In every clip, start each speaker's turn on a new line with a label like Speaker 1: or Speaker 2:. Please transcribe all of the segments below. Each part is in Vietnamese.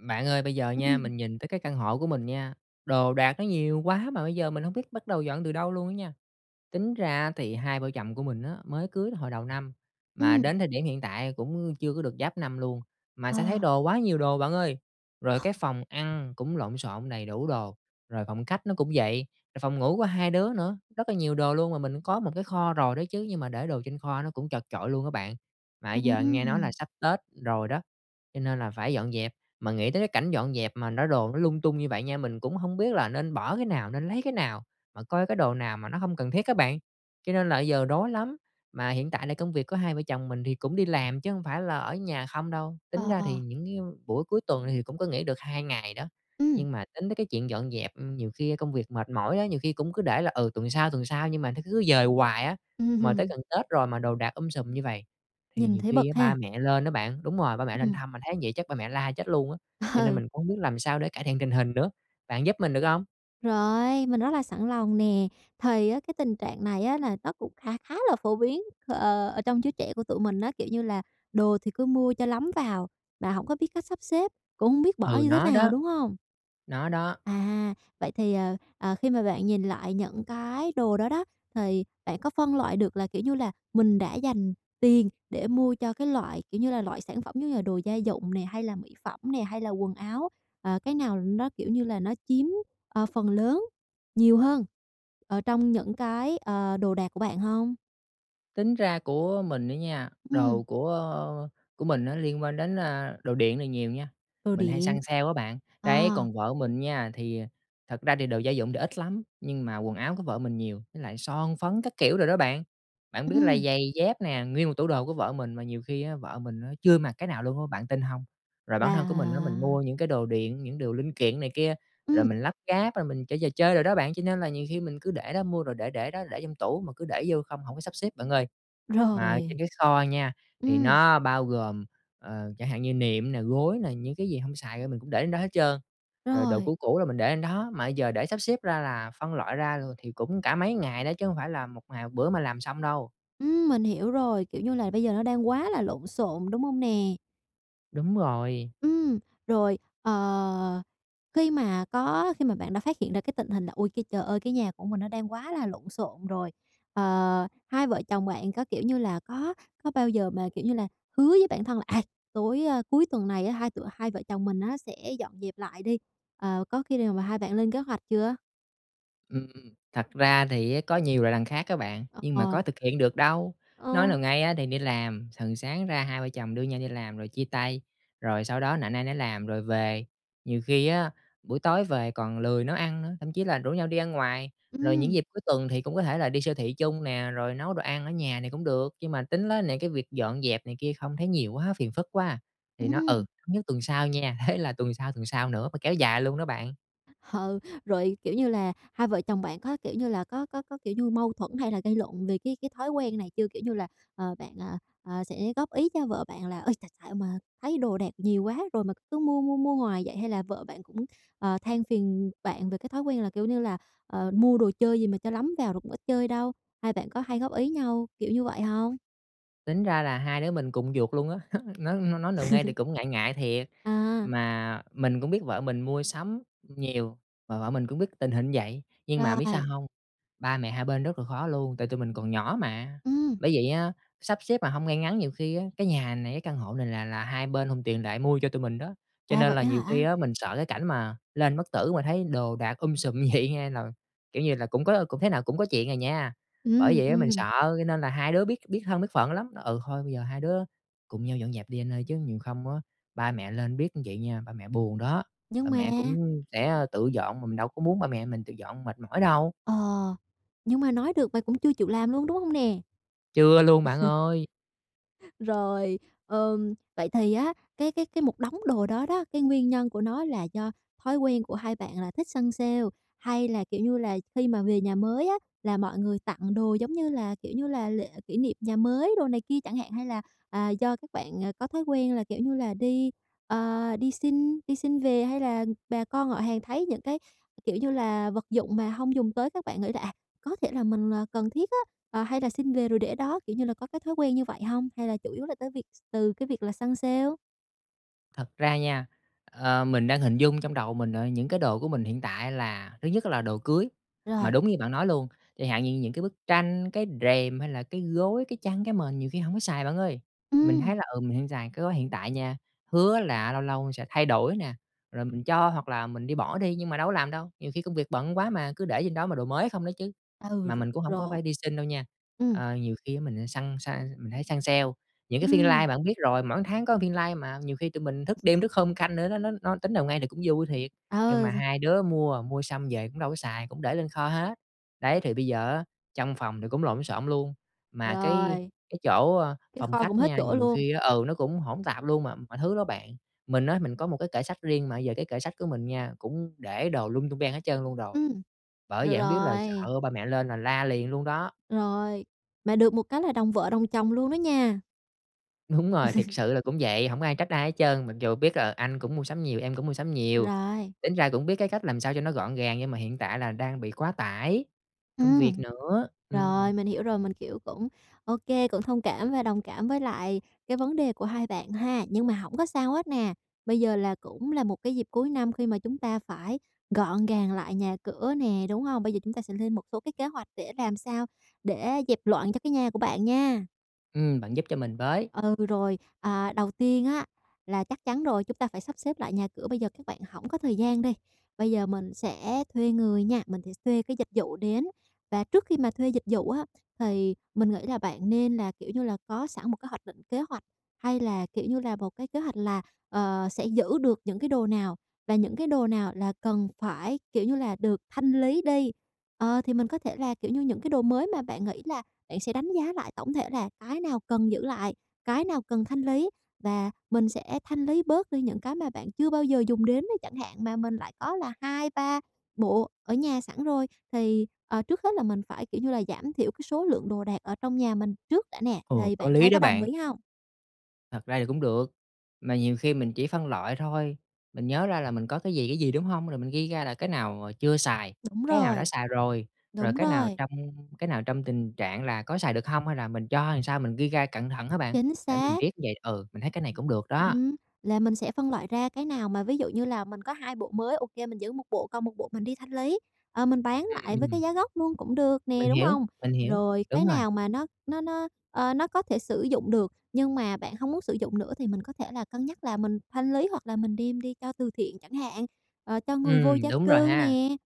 Speaker 1: Bạn ơi, bây giờ nha
Speaker 2: Ừm.
Speaker 1: mình nhìn tới cái căn hộ của mình nha, đồ đạc nó nhiều quá, mà bây giờ mình hông biết bắt đầu dọn từ đâu luôn á nha. Tính ra á thì hai vợ chồng của mình á mới cưới hồi đầu năm mà
Speaker 2: Ừm.
Speaker 1: đến thời điểm hiện tại cũng chưa có được giáp năm luôn, mà
Speaker 2: Ờ.
Speaker 1: sao thấy đồ quá nhiều đồ bạn ơi. Rồi cái phòng ăn cũng lộn xộn đầy đủ đồ, rồi phòng khách nó cũng vậy, rồi phòng ngủ của hai đứa nữa, rất là nhiều đồ luôn. Mà mình có một cái kho rồi đó chứ, nhưng mà để đồ trên kho nó cũng chật chội luôn á bạn. Mà bây giờ nghe nói là
Speaker 2: Ừm.
Speaker 1: sắp Tết rồi đó, cho nên là phải dọn dẹp, mà nghĩ tới cái cảnh dọn dẹp mà nó đồ nó lung tung như vậy nha, mình cũng hông biết là nên bỏ cái nào, nên lấy cái nào, mà coi cái đồ nào mà nó hông cần thiết á bạn, cho nên là bây giờ rối lắm. Mà hiện tại là công việc của hai vợ chồng mình thì cũng đi làm chứ hông phải là ở nhà không đâu, tính
Speaker 2: Ờ,
Speaker 1: ra thì
Speaker 2: ờ.
Speaker 1: những cái buổi cuối tuần thì cũng có nghỉ được 2 ngày đó,
Speaker 2: Ừm.
Speaker 1: nhưng mà tính tới cái chuyện dọn dẹp, ừm, nhiều khi công việc mệt mỏi đó, nhiều khi cũng cứ để là, ừ, tuần sau, tuần sau nhưng mà nó cứ dời hoài á,
Speaker 2: Ưm
Speaker 1: mà tới
Speaker 2: hừm.
Speaker 1: gần Tết rồi mà đồ đạc um sùm như vầy. Thì
Speaker 2: Nhìn
Speaker 1: nhiều
Speaker 2: thấy
Speaker 1: khi á
Speaker 2: bực
Speaker 1: ba
Speaker 2: ha?
Speaker 1: mẹ lên á bạn, đúng rồi, ba mẹ lên
Speaker 2: Ừm.
Speaker 1: thăm mà thấy vậy chắc ba mẹ la chết luôn á, cho nên
Speaker 2: Ờ.
Speaker 1: mình cũng hông biết làm sao để cải thiện tình hình nữa. Bạn giúp mình được hông?
Speaker 2: Rồi, mình rất là sẵn lòng nè! Thì á cái tình trạng này á là nó cũng kha khá là phổ biến, ờ, ờ, ở trong chúa trẻ của tụi mình á, kiểu như là đồ thì cứ mua cho lắm vào mà hổng có biết cách sắp xếp, cũng hông biết bỏ
Speaker 1: Ừ,
Speaker 2: như thế
Speaker 1: nó
Speaker 2: nào,
Speaker 1: đó.
Speaker 2: đúng hông?
Speaker 1: Nó đó.
Speaker 2: À, vậy thì, ờ, ờ, khi mà bạn nhìn lại những cái đồ đó đó, thì bạn có phân loại được là, kiểu như là, mình đã dành tiền để mua cho cái loại, kiểu như là, loại sản phẩm giống như là đồ gia dụng nè, hay là mỹ phẩm nè, hay là quần áo, à, cái nào nó, kiểu như là, nó chiếm, ờ, phần lớn nhiều hơn ở trong những cái, ờ, đồ đạc của bạn hông?
Speaker 1: Tính ra của mình đó nha,
Speaker 2: Ừm.
Speaker 1: đồ của của mình á liên quan đến, a, đồ điện là nhiều nha,
Speaker 2: Đồ
Speaker 1: mình hay
Speaker 2: điện.
Speaker 1: săn sale á bạn. Đấy,
Speaker 2: À.
Speaker 1: còn vợ mình nha, thì thật ra thì đồ gia dụng thì ít lắm, nhưng mà quần áo của vợ mình nhiều, với lại son phấn các kiểu đồ đó bạn. Bạn biết là
Speaker 2: Ừm.
Speaker 1: giày dép nè, nguyên một tủ đồ của vợ mình, mà nhiều khi á vợ mình á chưa mặc cái nào luôn á. Bạn tin hông? Rồi bản thân của mình á, mình
Speaker 2: Là
Speaker 1: mua những cái đồ điện, những đồ linh kiện này kia, rồi
Speaker 2: Ừm.
Speaker 1: mình lắp ráp rồi mình chơi trò chơi đồ đó bạn. Cho nên là nhiều khi mình cứ để đó, mua rồi để để đó, để trong tủ, mà cứ để vô không, hổng có sắp xếp bạn ơi. Mà trên
Speaker 2: Rồi.
Speaker 1: cái kho nha, thì
Speaker 2: Ừm.
Speaker 1: nó bao gồm, ờ, chẳng hạn như nệm nè, gối nè, những cái gì hông xài á, mình cũng để lên đó hết trơn. Rồi đồ
Speaker 2: Rồi.
Speaker 1: cũ cũ là mình để lên đó, mà bây giờ để sắp xếp ra, là phân loại ra rồi thì cũng cả mấy ngày đó chứ hông phải là một ngày một bữa mà làm xong đâu.
Speaker 2: Ừm, mình hiểu rồi, kiểu như là bây giờ nó đang quá là lộn xộn, đúng hông nè?
Speaker 1: Đúng rồi.
Speaker 2: Ừm, rồi, ờ, khi mà có khi mà bạn đã phát hiện ra cái tình hình là "Ôi, cái trời ơi, cái nhà của mình nó đang quá là lộn xộn rồi." Ờ, hai vợ chồng bạn có, kiểu như là, có có bao giờ mà, kiểu như là, hứa với bản thân là "À, tối, a, cuối tuần này á, hai tụi hai vợ chồng mình á, sẽ dọn dẹp lại đi." Ờ, có khi nào mà hai bạn lên kế hoạch chưa?
Speaker 1: Ừm, thật ra thì á, có nhiều là đằng khác á bạn,
Speaker 2: Ờ,
Speaker 1: nhưng mà có
Speaker 2: ờ.
Speaker 1: thực hiện được đâu, nói nào
Speaker 2: Ơ.
Speaker 1: ngay á, thì đi làm, thường sáng ra hai vợ chồng đưa nhau đi làm rồi chia tay, rồi sau đó nạnh ai nấy làm rồi về. Nhiều khi á, buổi tối về còn lười nấu ăn nữa, thậm chí là rủ nhau đi ăn ngoài, rồi những
Speaker 2: Ừm.
Speaker 1: dịp cuối tuần thì cũng có thể là đi siêu thị chung nè, rồi nấu đồ ăn ở nhà này cũng được. Nhưng mà tính á nè cái việc dọn dẹp này kia không thấy nhiều quá, phiền phức quá à, thì nó: "Ừ,
Speaker 2: Ừm.
Speaker 1: thống nhất tuần sau nha!" thế là tuần sau, tuần sau nữa, mà kéo dài luôn đó bạn.
Speaker 2: Ừ, rồi, kiểu như là, hai vợ chồng bạn có, kiểu như là, có có có, kiểu như, mâu thuẫn hay là gây lộn về cái cái thói quen này chưa? Kiểu như là, ờ, bạn, à, à, sẽ góp ý cho vợ bạn là "Ơi, tại xạo mà thấy đồ đạc nhiều quá rồi mà cứ mua mua mua hoài vậy?" hay là vợ bạn cũng, ờ, than phiền bạn về cái thói quen là kiểu như là "Ờ, mua đồ chơi gì mà cho lắm vào rồi cũng ít chơi đâu?" Hai bạn có hay góp ý nhau, kiểu như vậy hông?
Speaker 1: Tính ra là hai đứa mình cùng một giuộc luôn á, ng nói nói nào ngay thì cũng ngại ngại thiệt,
Speaker 2: À.
Speaker 1: mà mình cũng biết vợ mình mua sắm nhiều, mà vợ mình cũng biết tình hình vậy. Nhưng mà biết sao
Speaker 2: Rồi.
Speaker 1: hông? Ba mẹ hai bên rất là khó luôn, tại tụi mình còn nhỏ mà,
Speaker 2: Ừm.
Speaker 1: bởi vậy á, sắp xếp mà hông ngay ngắn, nhiều khi á, cái nhà này, cái căn hộ này là là hai bên hùn tiền lại mua cho tụi mình đó, cho
Speaker 2: À,
Speaker 1: nên
Speaker 2: vậy
Speaker 1: là
Speaker 2: á
Speaker 1: nhiều khi
Speaker 2: hả?
Speaker 1: á mình sợ cái cảnh mà lên bất tử mà thấy đồ đạc um sùm như vậy nha nà, kiểu như là, cũng có cũng thế nào cũng có chuyện à nha. Bởi
Speaker 2: Ừm,
Speaker 1: vậy á, mình
Speaker 2: ừm.
Speaker 1: sợ, cho nên là hai đứa biết biết thân biết phận lắm, nói: "Ừ, thôi bây giờ hai đứa cùng nhau dọn dẹp đi anh ơi, chứ nhiều không á ba mẹ lên biết như vậy nha, ba mẹ buồn đó." Ba
Speaker 2: Nhưng mà
Speaker 1: mẹ cũng sẽ tự dọn mà mình đâu có muốn ba mẹ mình tự dọn mệt mỏi đâu.
Speaker 2: Ờ, nhưng mà nói được mà cũng chưa chịu làm luôn, đúng hông nè?
Speaker 1: Chưa luôn bạn ơi!
Speaker 2: Rồi, ờm, vậy thì á cái cái cái một đống đồ đó đó, cái nguyên nhân của nó là do thói quen của hai bạn là thích săn sale, hay là, kiểu như là, khi mà về nhà mới á là mọi người tặng đồ, giống như là, kiểu như là, lễ kỷ niệm nhà mới đồ này kia chẳng hạn? Hay là, à, do các bạn, ờ, có thói quen là, kiểu như là, đi, ờ, đi xin đi xin về? Hay là bà con họ hàng thấy những cái, kiểu như là, vật dụng mà hông dùng tới các bạn nghĩ là "À, có thể là mình, à, cần thiết á, à, hay là xin về rồi để đó." Kiểu như là có cái thói quen như vậy hông? Hay là chủ yếu là tới việc s từ cái việc là săn sale?
Speaker 1: Thật ra nha, ờ, mình đang hình dung trong đầu mình, ờ, những cái đồ của mình hiện tại là thứ nhất là đồ cưới. Mà
Speaker 2: Rồi.
Speaker 1: đúng như bạn nói luôn, chẳng hạn như những cái bức tranh, cái rèm hay là cái gối, cái chăn, cái mền nhiều khi hổng có xài, bạn ơi. Mình thấy
Speaker 2: Ừm.
Speaker 1: là, ừ, mình hông xài cái gối hiện tại nha, hứa là lâu lâu sẽ thay đổi nè, rồi mình cho hoặc là mình đi bỏ đi nhưng mà đâu có làm đâu, nhiều khi công việc bận quá mà, cứ để trên đó mà đồ mới không đó chứ.
Speaker 2: Ừ,
Speaker 1: Mà
Speaker 2: r
Speaker 1: mình cũng hổng có
Speaker 2: rồi.
Speaker 1: phải đi xin đâu nha,
Speaker 2: Ừm.
Speaker 1: ờ, nhiều khi á mình săn săn mình hay săn sale, những cái phiên live
Speaker 2: Ừm.
Speaker 1: bạn biết rồi, mỗi tháng có phiên live mà nhiều khi tụi mình thức đêm thức hôm canh nữa, nó nó nó tính nào ngay thì cũng vui thiệt. Nhưng mà
Speaker 2: Ờ, x
Speaker 1: hai đứa mua, mua xong về cũng đâu có xài, cũng để lên kho hết. Đấy,
Speaker 2: [unintelligible]
Speaker 1: thì bây giờ á trong phòng thì cũng lộn xộn luôn mà cái
Speaker 2: Rồi.
Speaker 1: cái chỗ, ơ,
Speaker 2: Cái
Speaker 1: phòng
Speaker 2: kho
Speaker 1: khách
Speaker 2: cũng hết
Speaker 1: nha,
Speaker 2: chỗ
Speaker 1: nhiều
Speaker 2: luôn?
Speaker 1: khi ừ, nó cũng hỗn tạp luôn mà mọi thứ đó bạn. Mình á mình có một cái kệ sách riêng mà bây giờ cái kệ sách của mình nha cũng để đồ lung tung ben hết trơn luôn rồi,
Speaker 2: Ừm,
Speaker 1: bởi
Speaker 2: rồi
Speaker 1: vậy hổng biết là
Speaker 2: rồi.
Speaker 1: sợ ba mẹ lên là la liền luôn đó.
Speaker 2: Rồi, mà được một cái là đồng vợ đồng chồng luôn đó nha.
Speaker 1: Đúng rồi, thiệt sự là cũng vậy, hổng có ai trách ai hết trơn mặc dù biết, ờ, anh cũng mua sắm nhiều, em cũng mua sắm nhiều.
Speaker 2: Rồi.
Speaker 1: Tính ra cũng biết cái cách làm sao cho nó gọn gàng nhưng mà hiện tại là đang bị quá tải công việc
Speaker 2: Ừm.
Speaker 1: nữa, ừm.
Speaker 2: Rồi, mình hiểu rồi. Mình, kiểu, cũng ô kê, cũng thông cảm và đồng cảm với lại cái vấn đề của hai bạn ha. Nhưng mà hổng có sao hết nè, bây giờ là cũng là một cái dịp cuối năm khi mà chúng ta phải gọn gàng lại nhà cửa nè, đúng hông? Bây giờ chúng ta sẽ lên một số cái kế hoạch để làm sao để dẹp loạn cho cái nhà của bạn nha.
Speaker 1: Ừm, bạn giúp cho mình với.
Speaker 2: Ừ, rồi. À, đầu tiên á là chắc chắn rồi chúng ta phải sắp xếp lại nhà cửa. Bây giờ các bạn hổng có thời gian đi, bây giờ mình sẽ thuê người nha, mình sẽ thuê cái dịch vụ đến. Và trước khi mà thuê dịch vụ á thì mình nghĩ là bạn nên là, kiểu như là, có sẵn một cái hoạch định kế hoạch hay là, kiểu như là, một cái kế hoạch là, ờ, sẽ giữ được những cái đồ nào và những cái đồ nào là cần phải, kiểu như là, được thanh lý đi. Ờ, thì mình có thể là, kiểu như, những cái đồ mới mà bạn nghĩ là bạn sẽ đánh giá lại tổng thể là cái nào cần giữ lại, cái nào cần thanh lý và mình sẽ thanh lý bớt đi những cái mà bạn chưa bao giờ dùng đến nó chẳng hạn, mà mình lại có là 2, 3 bộ ở nhà sẵn rồi. Thì, ờ, trước hết là mình phải, kiểu như là, giảm thiểu cái số lượng đồ đạc ở trong nhà mình trước đã nè,
Speaker 1: Ồ,
Speaker 2: thì
Speaker 1: có
Speaker 2: bạn
Speaker 1: lý
Speaker 2: thấy
Speaker 1: đó
Speaker 2: có đồng
Speaker 1: bạn!
Speaker 2: ý hông?
Speaker 1: Thật ra thì cũng được, mà nhiều khi mình chỉ phân loại thôi, mình nhớ ra là mình có cái gì, cái gì, đúng hông? Rồi mình ghi ra là cái nào chưa xài,
Speaker 2: Đúng
Speaker 1: cái nào đã
Speaker 2: rồi,
Speaker 1: xài rồi, rồi
Speaker 2: đúng
Speaker 1: cái nào
Speaker 2: rồi.
Speaker 1: trong cái nào trong tình trạng là có xài được hông, hay là mình cho hay làm sao mình ghi ra cận thận á bạn,
Speaker 2: Chính
Speaker 1: để mình
Speaker 2: xác.
Speaker 1: biết như vậy ừ, mình thấy cái này cũng được đó.
Speaker 2: Ừm, là mình sẽ phân loại ra cái nào mà ví dụ như là mình có 2 bộ mới, ô kê mình giữ 1 bộ, còn 1 bộ mình đi thanh lý, ờ, mình bán
Speaker 1: Ưm,
Speaker 2: lại với
Speaker 1: ừm.
Speaker 2: cái giá gốc luôn cũng được nè,
Speaker 1: Mình
Speaker 2: đúng
Speaker 1: hiểu,
Speaker 2: hông?
Speaker 1: mình hiểu,
Speaker 2: Rồi, cái
Speaker 1: đúng rồi.
Speaker 2: nào mà nó nó nó, ơ, nó có thể sử dụng được, nhưng mà bạn hông muốn sử dụng nữa thì mình có thể là cân nhắc là mình thanh lý hoặc là mình đem đi cho từ thiện chẳng hạn, ờ, cho người vô
Speaker 1: Ừm,
Speaker 2: gia
Speaker 1: đúng rồi
Speaker 2: cư
Speaker 1: ha.
Speaker 2: nè.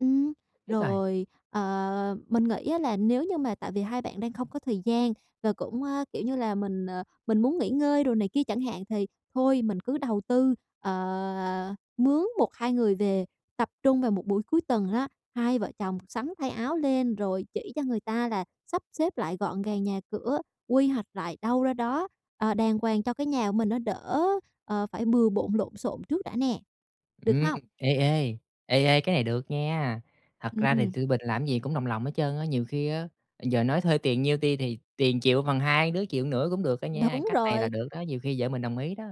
Speaker 2: Ừm,
Speaker 1: Biết rồi.
Speaker 2: rồi, ờ, mình nghĩ á là nếu như mà tại vì hai bạn đang không có thời gian và cũng á, kiểu như là, mình, ờ, mình muốn nghỉ ngơi đồ này kia chẳng hạn, thì thôi mình cứ đầu tư, ờ, mướn 1-2 người về tập trung vào một buổi cuối tuần á, hai vợ chồng sắn thay áo lên rồi chỉ cho người ta là sắp xếp lại gọn gàng nhà cửa, quy hoạch lại đâu ra đó, ờ, đàng hoàng cho cái nhà của mình nó đỡ, ờ, phải bừa bộn lộn xộn trước đã nè, được
Speaker 1: Ừm,
Speaker 2: hông?
Speaker 1: ê, ê, ê, ê, cái này được nha, thật ra thì
Speaker 2: Ừm.
Speaker 1: tụi mình làm cái gì cũng đồng lòng hết trơn á, nhiều khi á giờ nói thuê tiền nhiêu ti thì tiền chịu bằng hai đứa chịu một nửa cũng được đó nha,
Speaker 2: Đúng
Speaker 1: cách này là
Speaker 2: rồi.
Speaker 1: được đó, nhiều khi vợ mình đồng ý đó.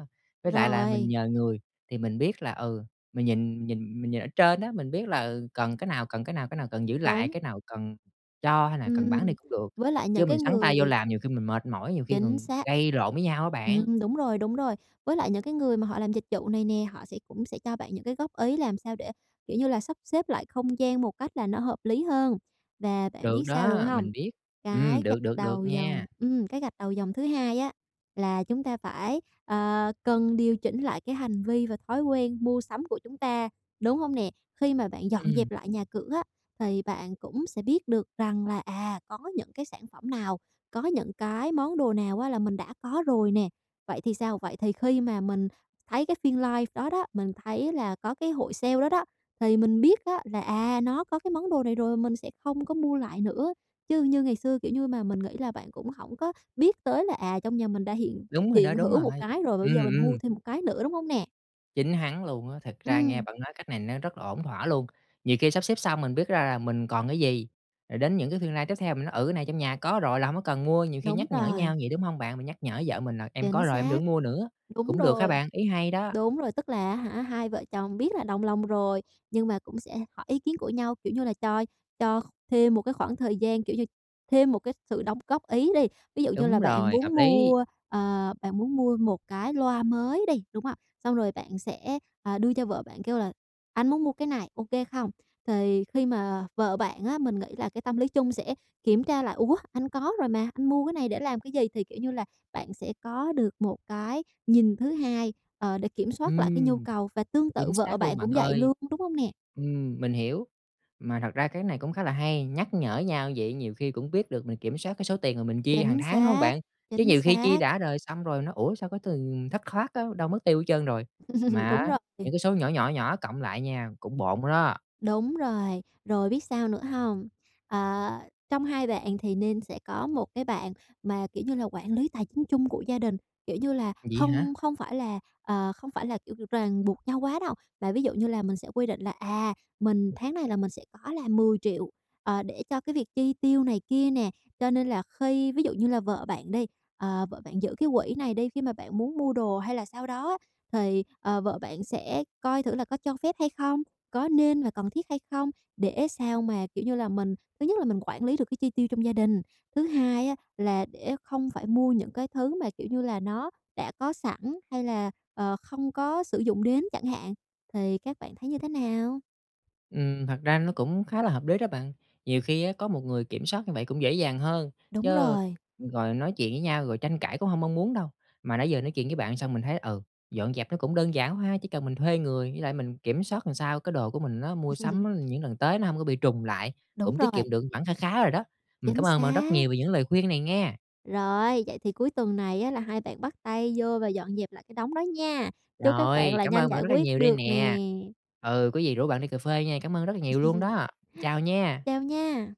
Speaker 1: Với lại là mình
Speaker 2: Rồi.
Speaker 1: nhờ người thì mình biết là, ừ, mình nhìn nhìn mình nhìn ở trên á, mình biết là, ừ, cần cái nào, cần cái nào, cái nào cần giữ lại,
Speaker 2: Đúng.
Speaker 1: cái nào cần cho hay là cần bán
Speaker 2: Ừm,
Speaker 1: đi cũng được.
Speaker 2: với lại những
Speaker 1: Chứ mình
Speaker 2: cái
Speaker 1: sắn tay vô
Speaker 2: người
Speaker 1: làm nhiều khi mình mệt mỏi, nhiều khi
Speaker 2: Chính
Speaker 1: còn
Speaker 2: xác,
Speaker 1: gây lộn với nhau á bạn.
Speaker 2: ừm, đúng rồi, đúng rồi, với lại những cái người mà họ làm dịch vụ này nè, họ sẽ cũng sẽ cho bạn những cái góp ý làm sao để, kiểu như là, sắp xếp lại không gian một cách là nó hợp lý hơn. Và bạn
Speaker 1: Được
Speaker 2: biết sao nữa
Speaker 1: đó,
Speaker 2: hông?
Speaker 1: mình biết, ừm,
Speaker 2: Cái
Speaker 1: được,
Speaker 2: gạch
Speaker 1: được, được
Speaker 2: đầu dòng
Speaker 1: nha.
Speaker 2: ừm, cái gạch đầu dòng thứ hai á là chúng ta phải, ờ, cần điều chỉnh lại cái hành vi và thói quen mua sắm của chúng ta, đúng hông nè? Khi mà bạn dọn
Speaker 1: Ừm.
Speaker 2: dẹp lại nhà cửa á thì bạn cũng sẽ biết được rằng là, à, có những cái sản phẩm nào, có những cái món đồ nào á là mình đã có rồi nè, vậy thì sao? Vậy thì khi mà mình thấy cái phiên live đó đó, mình thấy là có cái hội sale đó đó, thì mình biết á là, à, nó có cái món đồ này rồi, mình sẽ không có mua lại nữa. Chứ như ngày xưa, kiểu như mà, mình nghĩ là bạn cũng hổng có biết tới là, à, trong nhà mình đã hiện
Speaker 1: Đúng rồi đó,
Speaker 2: hiện
Speaker 1: đúng
Speaker 2: hữu
Speaker 1: rồi,
Speaker 2: một cái rồi, mà bây
Speaker 1: ừm,
Speaker 2: giờ mình mua
Speaker 1: ừm.
Speaker 2: thêm một cái nữa, đúng hông nè?
Speaker 1: Chính hắn luôn á, thực ra nghe
Speaker 2: Ừm.
Speaker 1: bạn nói cách này nó rất là ổn thỏa luôn. Nhiều khi sắp xếp xong mình biết ra là mình còn cái gì, rồi đến những cái phiên live tiếp theo mình nói: "Ừ, cái này trong nhà có rồi là hổng có cần mua", nhiều khi
Speaker 2: Đúng
Speaker 1: nhắc nhở
Speaker 2: rồi.
Speaker 1: nhau vậy, đúng hông bạn? Mình nhắc nhở vợ mình là em có
Speaker 2: Chính
Speaker 1: rồi em đừng có
Speaker 2: xác.
Speaker 1: mua nữa.
Speaker 2: Đúng
Speaker 1: Cũng được ha
Speaker 2: rồi.
Speaker 1: bạn, ý hay đó!
Speaker 2: Đúng rồi, tức là á hả, hai vợ chồng biết là đồng lòng rồi, nhưng mà cũng sẽ hỏi ý kiến của nhau, kiểu như là, cho cho kh thêm một cái khoảng thời gian, kiểu như, thêm một cái sự đóng góp ý đi. Ví dụ như
Speaker 1: Đúng
Speaker 2: là bạn
Speaker 1: rồi, hợp
Speaker 2: muốn
Speaker 1: lý!
Speaker 2: mua, ờ, bạn muốn mua một cái loa mới đi, đúng ạ? Xong rồi bạn sẽ, à, đưa cho vợ bạn kêu là: "Anh muốn mua cái này, ô kê không?" Thì khi mà vợ bạn á, mình nghĩ là cái tâm lý chung sẽ kiểm tra lại: "Ủa anh có rồi mà, anh mua cái này để làm cái gì?" Thì, kiểu như là, bạn sẽ có được một cái nhìn thứ hai, ờ, để kiểm soát lại cái nhu
Speaker 1: Ừm,
Speaker 2: cầu. Và tương tự
Speaker 1: chính
Speaker 2: vợ
Speaker 1: xác luôn,
Speaker 2: bạn
Speaker 1: bạn
Speaker 2: cũng vậy
Speaker 1: ơi!
Speaker 2: luôn, đúng hông nè?
Speaker 1: Ừm, mình hiểu. Mà thật ra cái này cũng khá là hay, nhắc nhở nhau vậy nhiều khi cũng biết được mình kiểm soát cái số tiền mà mình chi hàng
Speaker 2: Chính
Speaker 1: tháng, đúng hông
Speaker 2: xác.
Speaker 1: bạn? Chứ
Speaker 2: Chính
Speaker 1: nhiều khi chi
Speaker 2: xác.
Speaker 1: đã đời xong rồi nói: "Ủa, sao cái tiền thất thoát á, đâu mất tiêu hết trơn rồi?" Mà
Speaker 2: Đúng
Speaker 1: á
Speaker 2: rồi.
Speaker 1: những cái số nhỏ, nhỏ, nhỏ cộng lại nha cũng bộn đó.
Speaker 2: Đúng rồi. Rồi biết sao nữa hông? À, trong hai bạn thì nên sẽ có một cái bạn mà, kiểu như là, quản lý tài chính chung của gia đình. Kiểu như là,
Speaker 1: Vậy hả?
Speaker 2: không không phải là, ờ, không phải là, kiểu, r ràng buộc nhau quá đâu. Mà ví dụ như là mình sẽ quy định là, à, mình tháng này là mình sẽ có là 10.000.000, ờ, để cho cái việc chi tiêu này kia nè. Cho nên là khi ví dụ như là vợ bạn đi, ờ, vợ bạn giữ cái quỹ này đi, khi mà bạn muốn mua đồ hay là sao đó á, thì, ờ, vợ bạn sẽ coi thử là có cho phép hay không? Có nên và cần thiết hay không? Để sao mà, kiểu như là, mình, thứ nhất là mình quản lý được cái chi tiêu trong gia đình. Thứ hai á, là để không phải mua những cái thứ mà, kiểu như là, nó đã có sẵn hay là, ờ, không có sử dụng đến chẳng hạn. Thì các bạn thấy như thế nào?
Speaker 1: Ừm, thật ra nó cũng khá là hợp lý đó bạn. Nhiều khi á có một người kiểm soát như vậy cũng dễ dàng hơn,
Speaker 2: Đúng
Speaker 1: chứ
Speaker 2: rồi.
Speaker 1: rồi nói chuyện với nhau rồi tranh cãi cũng hông mong muốn đâu. Mà nãy giờ nói chuyện với bạn xong mình thấy, ừ, dọn dẹp nó cũng đơn giản quá ha, chỉ cần mình thuê người, với lại mình kiểm soát làm sao cái đồ của mình á mua sắm những lần tới nó hổng có bị trùng lại,
Speaker 2: Đúng
Speaker 1: cũng tiết
Speaker 2: rồi.
Speaker 1: kiệm được khoản kha khá rồi đó. Mình cảm
Speaker 2: Chính
Speaker 1: ơn bạn rất
Speaker 2: xác.
Speaker 1: nhiều về những lời khuyên này nghe!
Speaker 2: Rồi, vậy thì cuối tuần này á là hai bạn bắt tay vô và dọn dẹp lại cái đống đó nha. Chúc các bạn
Speaker 1: Rồi,
Speaker 2: là
Speaker 1: cảm
Speaker 2: nhanh
Speaker 1: ơn bạn
Speaker 2: giải
Speaker 1: rất là
Speaker 2: quyết
Speaker 1: nhiều đây
Speaker 2: được nè!
Speaker 1: nè. Ừ, có gì rủ bạn đi cà phê nha, cảm ơn rất là nhiều luôn đó! Chào nha.
Speaker 2: Chào nha!